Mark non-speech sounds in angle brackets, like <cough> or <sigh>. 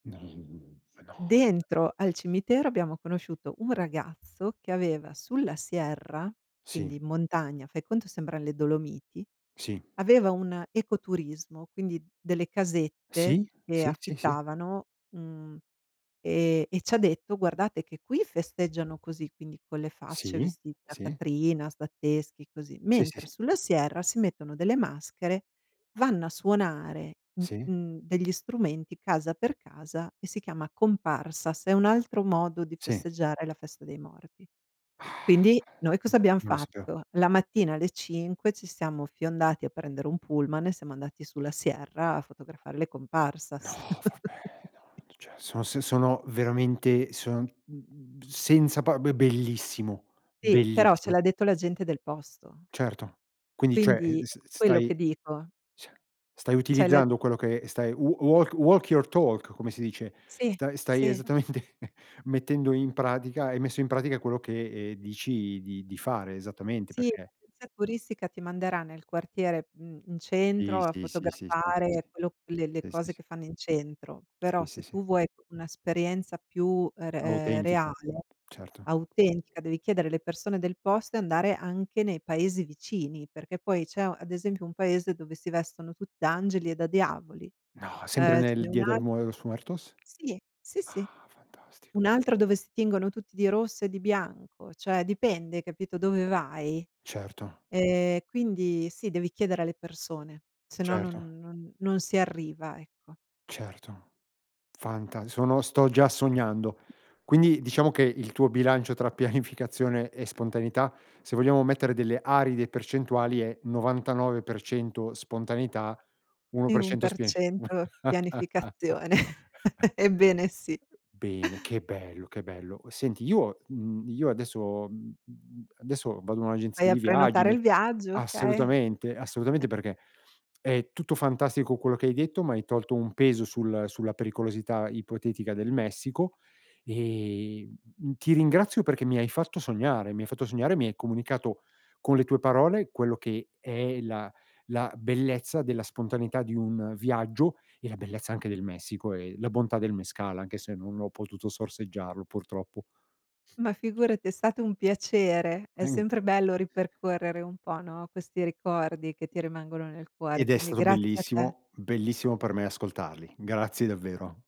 <unintelligible> Dentro al cimitero abbiamo conosciuto un ragazzo che aveva, sulla Sierra, Sì. quindi in montagna, fai conto sembran le Dolomiti, Sì. aveva un ecoturismo, quindi, delle casette Sì, che sì, sì, sì. affittavano, mhmm, e e ci ha detto: "Guardate che qui festeggiano così", quindi con le facce Sì, vestit da sì. "Catrinas", da teschi, così, Sì, sì, mentre sì. sulla Sierra si mettono delle maschere, vanno a suonare, mhmm, Sì. mhmm, degli strumenti, casa per casa, e si chiama Comparsas, è un altro modo di Sì. festeggiare la festa dei morti. Quindi, <sighs> noi cosa abbiam <unintelligible> fatto? La mattina alle 5 ci siamo fiondati a prendere un pullman e siamo andati sulla Sierra a fotografare le No, Comparsas. vabbè, <chuckles> no, cioè, sono sen sono veramente sono, mh mh mhmm, senza pa be bellissimo, Eh, però ce bellissimo. l'ha detto la gente del posto. Certo. Quindi, cioè, uhm, Quindi s quello, stai che dico. cioè, stai Cioè la utilizzando quello che, ehm, stai, "w walk walk your talk" come si dice, Sì, sta stai sì. esattamente mettendo in pratica hai messo in pratica quello che, ehm, dici di di fare, esattamente, Sì, perché l'agenzia turistica ti manderà nel quartiere, mhmm, in Sì, centro, a sì, sì, sì, sì, fotografare sì quello le le s sì, sì, cose sì. che fanno in centro. Sì, Però, sì, se sì. tu vuoi un'esperienza più, ehm, re Autentiche, reale, certo. autentica, devi chiedere alle persone del posto e andare anche nei paesi vicini, perché poi c'è u ad esempio, un paese dove si vestono tut da angeli e da diavoli. No! Sempre Ehm, ce nel n'è Dia del un'al mue los muertos? Sì. Sì, sì. Ah, fantastico. Un'altra dove si tingono tutti di rosso e di bianco, cioè, dipende, hai capito, dove vai. Certo. E quindi, sì, devi chiedere alle persone, sennò Certo. non non non si arriva, ecco. Certo. Fanta sono sto già sognando. <chuckles> Quindi, diciamo che, il tuo bilancio tra pianificazione e spontaneità, se vogliamo mettere delle aride percentuali, è: 99% spontaneità, uno E per un cento per spin cento <scoffs> pianificazione, <chuckles> ebbene sì. bene, che bello, che bello. Cu senti, io mhmm, io adesso mh mh mhmm, adesso, vado in Vai un'agenzia a di viaggi, prenotare me il viaggio, okay. assolutamente, assolutamente <chuckles> perché, è tutto fantastico quello che hai detto, m'hai tolto un peso sul sulla pericolosità ipotetica del Messico, e, mh mhmm, ti ringrazio, perché mi hai fatto sognare, mi hai fatto sognare, mi hai comunicato, con le tue parole, quello che è la la bellezza della spontaneità di un viaggio, e la bellezza anche del Messico, e la bontà del mezcal, anche se non ho potuto sorseggiarlo, purtroppo. Ma figurati, è stato un piacere, è sempre bello ripercorrere un po', no, questi ricordi che ti rimangono nel cuore. Ed è Quindi, stato grazie a te. bellissimo; bellissimo per me ascoltarli. Grazie davvero.